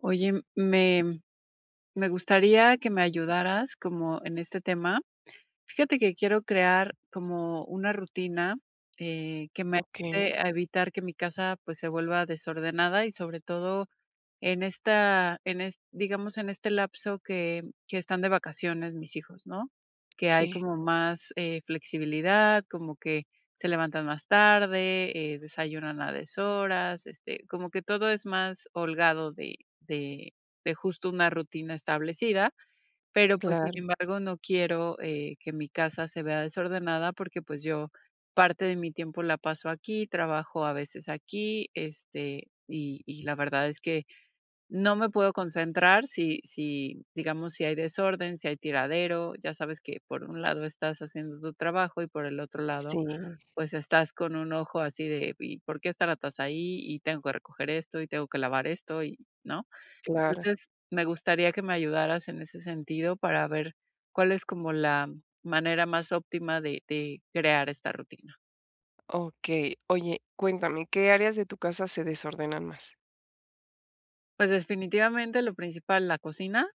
Oye, me -me gustaría, que me ayudaras, como en este tema. Fíjate que quiero crear, como una rutina, eh, que me Okey. ayude a evitar que mi casa, pues, se vuelva desordenada, y sobre todo, en esta en est digamos, en este lapso que que, están de vacaciones mis hijos, ¿no?, que hay Sí. como más, eh, flexibilidad, como que se levantan más tarde, eh, desayunan a deshoras, este, como que todo es más holgado de de de, justo, una rutina establecida. Pero, pues, sin Claro. embargo, no quiero, eh, que mi casa se vea desordenada, porque, pues, yo, parte de mi tiempo, la paso aquí, trabajo a veces aquí. Este, y y la verdad es que, no me puedo concentrar, si si, digamos, si hay desorden, si hay tiradero. Ya sabes que, por un lado estás haciendo tu trabajo, y por el otro lado, Sí. pues estás con un ojo, así de: "¿Y por qué está la taza ahí? Y tengo que recoger esto, y tengo que lavar esto, y", ¿no? Claro. Entonces, me gustaría que me ayudaras en ese sentido, para ver, cuál es, como la manera más óptima de de crear esta rutina. Okey. Oye, cuéntame, ¿qué áreas de tu casa se desordenan más? Pues, definitivamente lo principal, la cocina,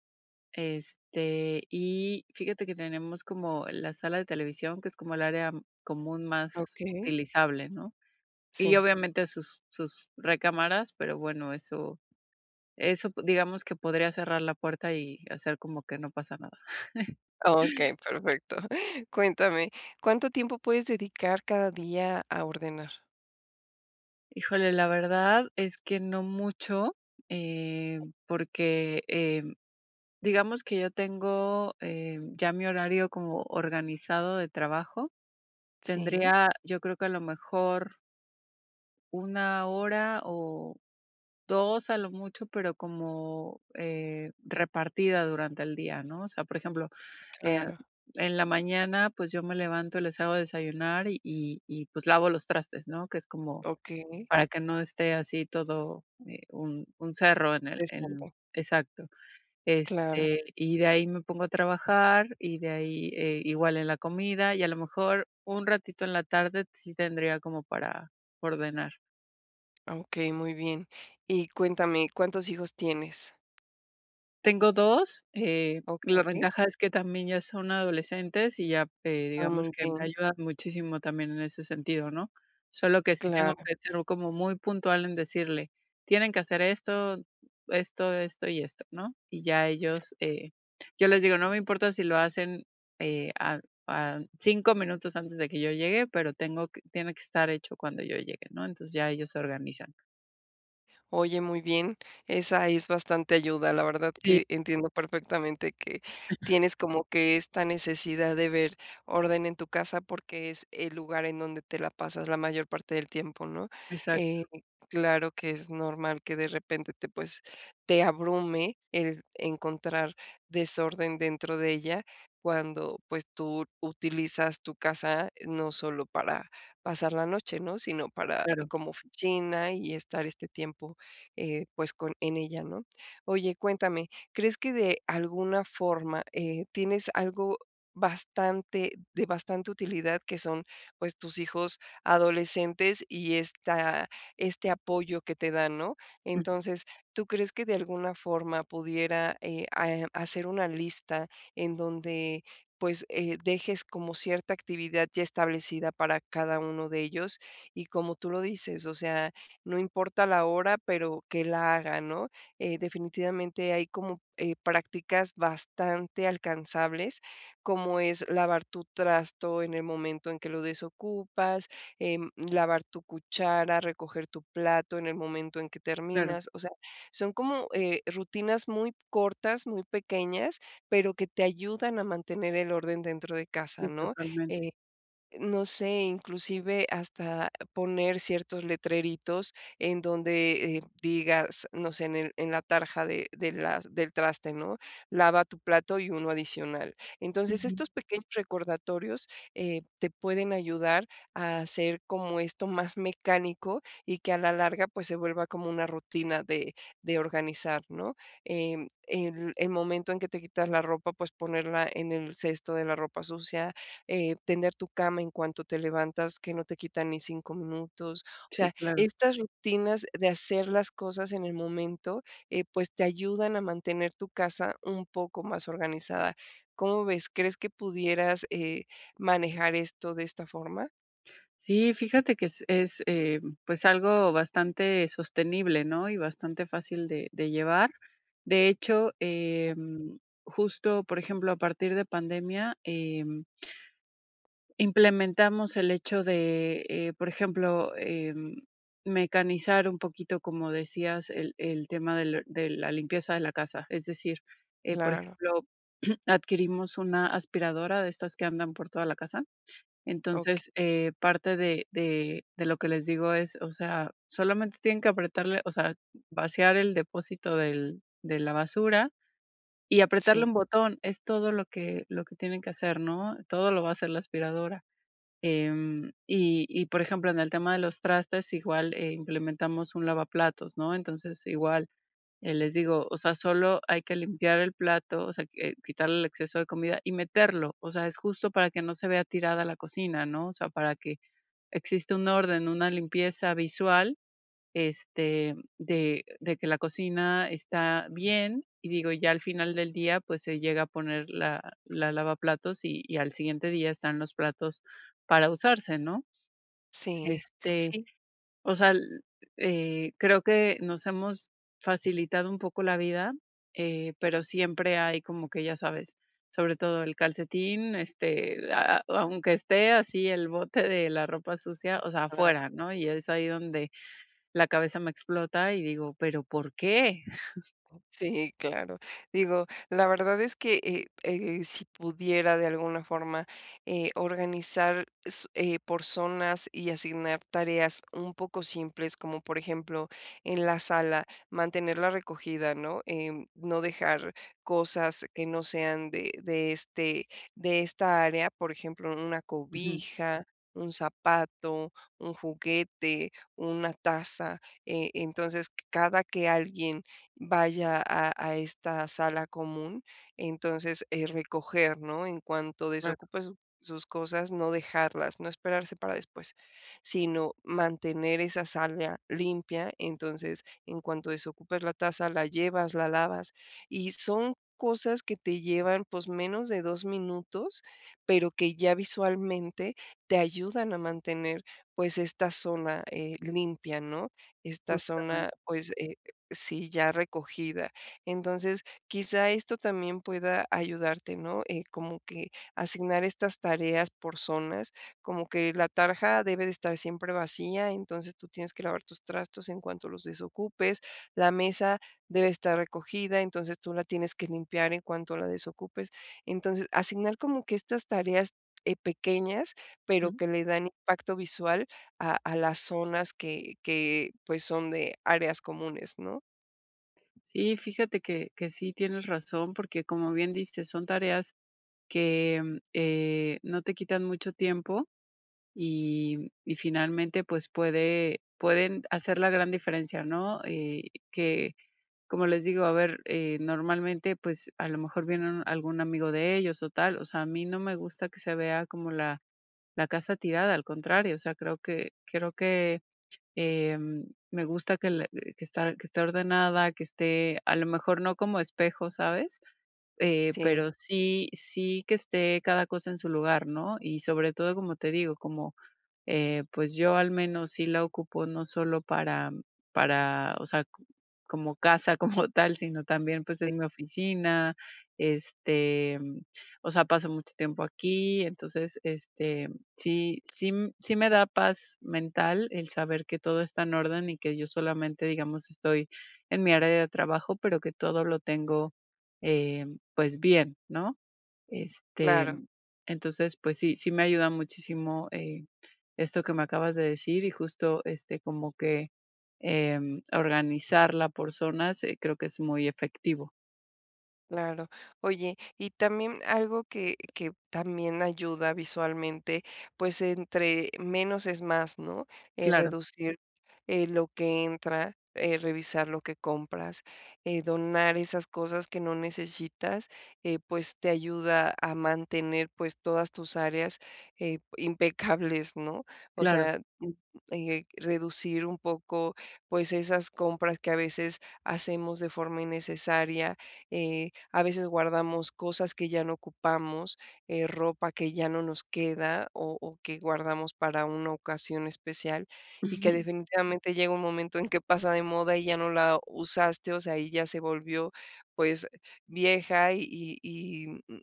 este, y fíjate que tenemos como la sala de televisión, que es como el área, mm, común más Okey. utilizable, ¿no? Y Sí. obviamente, sus sus recámaras, pero bueno, eso eso b digamos que podría cerrar la puerta y hacer como que no pasa nada. Okey, perfecto. Cuéntame, ¿cuánto tiempo puedes dedicar cada día a ordenar? Híjole, la verdad es que no mucho, em, porque, em, digamos que yo tengo, em, ya mi horario como organizado de trabajo. Sí. Tendría yo, creo que a lo mejor 1 hora o 2 a lo mucho, pero como, eh, repartida durante el día, ¿no? O sea, por ejemplo, eh, Claro. en la mañana, pues yo me levanto, les hago de desayunar y y y pues lavo los trastes, ¿no?, que es como Okey. para que no esté así todo, eh, un un cerro en el en [unintelligible] exacto. Claro. Este, y de ahí me pongo a trabajar, y de ahí, eh, igual en la comida y a lo mejor un ratito en la tarde sí tendría como para ordenar. Ah, okey, muy bien. Y cuéntame, ¿cuántos hijos tienes? Tengo 2, eh, la Okey. ventaja es que también ya son adolescentes, y ya, eh, Ah, digamos, muy que me bien. ayudan muchísimo también en ese sentido, ¿no? Solo que sí tengo Claro. que ser como muy puntual en decirle: "Tienen que hacer esto, esto, esto y esto", ¿no? Y ya Sí. ellos eh, yo les digo: "No me importa si lo hacen, eh, a a 5 minutos antes de que yo llegue, pero tengo que tiene que estar hecho cuando yo llegue, ¿no? Entonces ya ellos se organizan. Oye, muy bien, esa es bastante ayuda. La verdad Sí. que entiendo perfectamente que tienes como que esta necesidad de ver orden en tu casa, porque es el lugar en donde te la pasas la mayor parte del tiempo, ¿no? Exacto. Eh, claro que es normal que de repente te, pues, te abrume el encontrar desorden dentro de ella, cuando, pues, tú utilizas tu casa, eh, no solo para pasar la noche, ¿no?, sino para Claro. como oficina, y estar este tiempo, eh, pues con en ella, ¿no? Oye, cuéntame, ¿crees que de alguna forma, eh, tienes algo bastante de bastante utilidad que son, pues, tus hijos adolescentes, y esta este apoyo que te dan, ¿no? Ujú. Entonces, ¿tú crees que de alguna forma pudiera, eh, ah, em, hacer una lista en donde, pues, eh, dejes como cierta actividad ya establecida para cada uno de ellos. Y como tú lo dices, o sea, no importa la hora, pero que la haga, ¿no? Eh, definitivamente hay como, eh, prácticas bastante alcanzables, como es lavar tu trasto en el momento en que lo desocupas, em, lavar tu cuchara, recoger tu plato en el momento en que Claro. terminas. O sea, son como, eh, rutinas muy cortas, muy pequeñas, pero que te ayudan a mantener el orden dentro de casa, Sí, ¿no? totalmente. Eh, no sé, inclusive, hasta poner ciertos letreritos en donde, eh, digas, no sé, en el en la tarja de de las del traste, ¿no?,"Lava tu plato y uno adicional". Entonces, estos Ujú. pequeños recordatorios, eh, te pueden ayudar a hacer como esto más mecánico, y que a la larga, pues, se vuelva como una rutina de de organizar, ¿no? Em, el el momento en que te quitas la ropa, pues, ponerla en el cesto de la ropa sucia, em, tender tu cama en cuanto te levantas, que no te quitan ni 5 minutos. O Sí, sea, claro. estas rutinas de hacer las cosas en el momento, eh, pues, te ayudan a mantener tu casa un poco más organizada. ¿Cómo ves? ¿Crees que pudieras eh manejar esto de esta forma? Sí, fíjate que es es, eh, pues, algo bastante sostenible, ¿no?, y bastante fácil de de llevar, de hecho, em, justo, por ejemplo, a partir de pandemia, em implementamos el hecho de, eh, por ejemplo, eh, mecanizar un poquito, como decías, el el tema del de la limpieza de la casa, es decir, eh, por Claro. ejemplo, adquirimos una aspiradora de estas que andan por toda la casa, Okey. entonces, eh, parte de de de lo que les digo es, o sea, solamente tienen que apretarle, o sea, vaciar el depósito del de la basura y apretarle Sí. un botón, es todo lo que lo que tienen que hacer, ¿no?, todo lo va a hacer la aspiradora, em, y y por ejemplo, en el tema de los trastes, igual, eh, implementamos un lavaplatos, ¿no?, entonces, igual, eh, les digo, o sea, solo hay que limpiar el plato, o sea, quitarle el exceso de comida y meterlo, o sea, es justo para que no se vea tirada la cocina, ¿no?, o sea, para que exista un orden, una limpieza visual, este, de de que la cocina está bien, y digo, ya al final del día, pues, se llega a poner la la lavaplatos y al siguiente día están los platos para usarse, ¿no?, Sí, este, sí. o sea, l eh, creo que nos hemos facilitado un poco la vida, eh, pero siempre hay como que, ya sabes, sobre todo el calcetín, este, ah ah, aunque esté así el bote de la ropa sucia, o sea, [unintelligible] afuera ¿no?, y es ahí donde la cabeza me explota y digo, ¿pero por qué? Sí, claro, digo, la verdad es que, eh eh eh, si pudiera de alguna forma, eh, organizar s eh, por zonas y asignar tareas un poco simples, como por ejemplo, en la sala, mantener la recogida, ¿no?, eh, no dejar cosas que no sean de de, este, de esta área, por ejemplo, una Ujú. cobija, un zapato, un juguete, una taza, eh, entonces cada que alguien vaya a a esta sala común, entonces, eh, recoger, ¿no?, en cuanto Claro. desocupe su sus cosas, no dejarlas, no esperarse para después, sino, mantener esa área limpia, entonces, en cuanto desocupes la taza, la llevas, la lavas, y son cosas que te llevan, pues, menos de 2 minutos, pero que ya visualmente te ayudan a mantener, pues, esta zona, eh, limpia, ¿no?, esta Justamente. zona, pues, eh, sí ya recogida, entonces quizá esto también pueda ayudarte, ¿no?, eh, como que asignar estas tareas por zonas, como que la tarja debe de estar siempre vacía, entonces tú tienes que lavar tus trastos en cuanto los desocupes, la mesa debe estar recogida, entonces tú la tienes que limpiar en cuanto la desocupes, entonces asignar como que estas tareas, eh, pequeñas, pero Jum. que le dan impacto visual a a las zonas que que, pues, son de áreas comunes, ¿no? Sí, fíjate que que sí tienes razón, porque como bien dices, son tareas que, eh, no te quitan mucho tiempo y y finalmente, pues, puede pueden hacer la gran diferencia, ¿no?, eh, que, como les digo, a ver, eh, normalmente, pues, a lo mejor viene algún amigo de ellos o tal, o sea, a mí no me gusta que se vea como la la casa tirada, al contrario, o sea, creo que creo que, em, me gusta que le que está que esté ordenada, que esté, a lo mejor no como espejo, ¿sabes?, eh, Sí. pero sí sí que esté cada cosa en su lugar, ¿no?, y sobre todo, como te digo, como, eh, pues, yo al menos sí la ocupo no solo para para, o sea, co como casa como tal, sino también, pues, es Eh. mi oficina, este, o sea, paso mucho tiempo aquí, entonces, este, sí sí m sí me da paz mental el saber que todo está en orden y que yo solamente, digamos, estoy en mi área de trabajo, pero que todo lo tengo, eh, pues, bien, ¿no?, este, Claro. entonces, pues sí, sí me ayuda muchísimo, eh, esto que me acabas de decir y justo, este, como que, em, organizarla por zonas, creo que es muy efectivo. Claro. Oye, y también algo que que también ayuda visualmente, pues entre menos es más, ¿no?, eh, Claro. reducir, eh, lo que entra, eh, revisar lo que compras, eh, donar esas cosas que no necesitas, eh, pues te ayuda a mantener, pues, todas tus áreas, eh, impecables, ¿no?, o Claro. sea, mm, eh, reducir un poco, pues esas compras que a veces hacemos de forma innecesaria, eh, a veces guardamos cosas que ya no ocupamos, eh, ropa que ya no nos queda o o que guardamos para una ocasión especial y que Ujú. definitivamente llega un momento en que pasa de moda y ya no la usaste, o sea, y ya se volvió pues vieja y y, mm,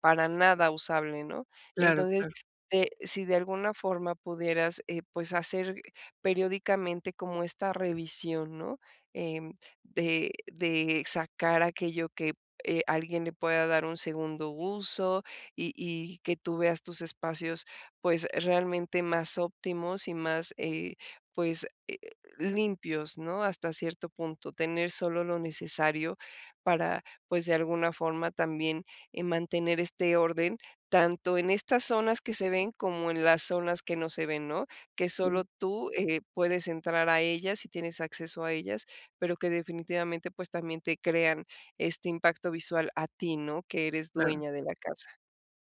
para nada usable, ¿no?, Claro, entonces claro. te si de alguna forma pudieras, eh, pues hacer periódicamente como esta revisión, ¿no?, em, de de sacar aquello que, eh, alguien le pueda dar un segundo uso y y que tú veas tus espacios, pues, realmente más óptimos y más, eh, pues, eh, limpios, ¿no?, hasta cierto punto, tener solo lo necesario para, pues, de alguna forma también, eh, mantener este orden, tanto en estas zonas que se ven como en las zonas que no se ven, ¿no?, que [unintelligible] solo tú, eh, puedes entrar a ellas y tienes acceso a ellas, pero que definitivamente, pues también te crean este impacto visual a ti, ¿no?, que eres Claro. dueña de la casa.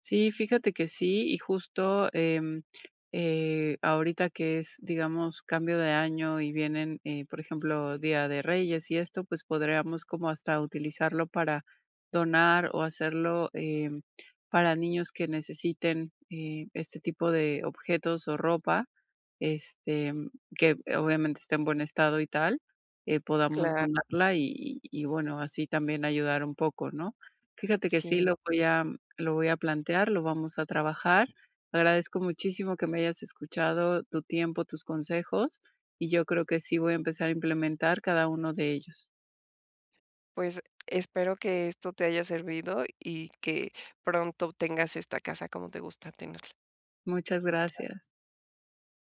Sí, fíjate que sí, y justo, em, eh, ahorita que es, digamos, cambio de año y vienen, eh, por ejemplo, Día de Reyes y esto, pues podríamos como hasta utilizarlo para donar o hacerlo, em, para niños que necesiten, eh, este tipo de objetos o ropa, este, que obviamente esté en buen estado y tal, eh, podamos Claro. donarla y y y bueno, así también ayudar un poco, ¿no?, fíjate que sí Sí. lo voy a lo voy a plantear, lo vamos a trabajar. Agradezco muchísimo que me hayas escuchado, tu tiempo, tus consejos, y yo creo que sí voy a empezar a implementar cada 1 de ellos. Pues espero que esto te haya servido y que pronto tengas esta casa como te gusta tenerla. Muchas Claro. gracias.